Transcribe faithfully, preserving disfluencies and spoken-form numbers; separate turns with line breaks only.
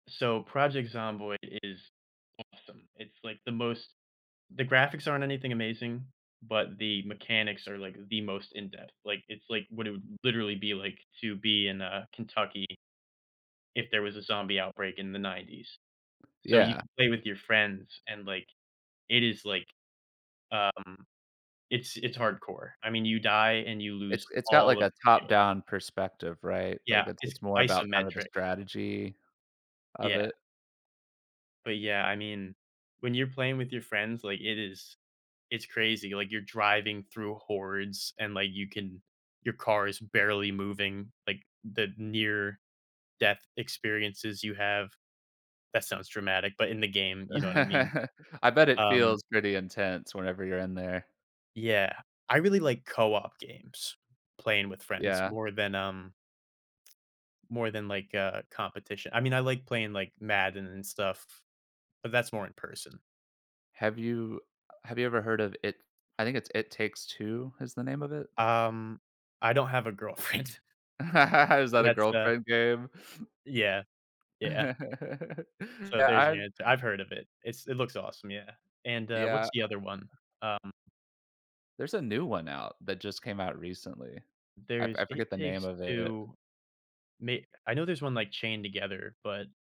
So, Project Zomboid is awesome. It's, like, the most the graphics aren't anything amazing, but the mechanics are, like, the most in depth, like, it's, like, what it would literally be, like, to be in, uh, Kentucky if there was a zombie outbreak in the nineties. So, you
Yeah.
can play with your friends and, like, it is, like, um, it's it's hardcore, I mean, you die and you
It's
lose
it's got,
all
like,
of
a
your skills.
top-down perspective, right? Like,
Yeah,
it's
it's
it's more about kind of the
isometric.
strategy of
Yeah.
it.
But, yeah, I mean, when you're playing with your friends, like, it is it's crazy, like, you're driving through hordes, and, like, you can your car is barely moving, like, the near death experiences you have that sounds dramatic, but in the game, you know what I mean.
I bet it
Um
feels pretty intense whenever you're in there.
Yeah, I really like co-op games, playing with friends
Yeah.
more than, um more than, like, a competition. I mean, I like playing, like, Madden and stuff, but that's more in person.
Have you uh, have you ever heard of it I think it's It Takes Two, is the name of it?
Um, I don't have a girlfriend.
Is that a
That's the
girlfriend game?
Yeah. Yeah. So,
Yeah,
there's
I
your answer, I've heard of it. It's it looks awesome, yeah. And, uh,
Yeah,
what's
I
the other one?
uh
Um
There's a new one out that just came out recently. I
There's,
I
It
forget the name
Takes
of it.
Two. Me I know there's one like Chained Together, but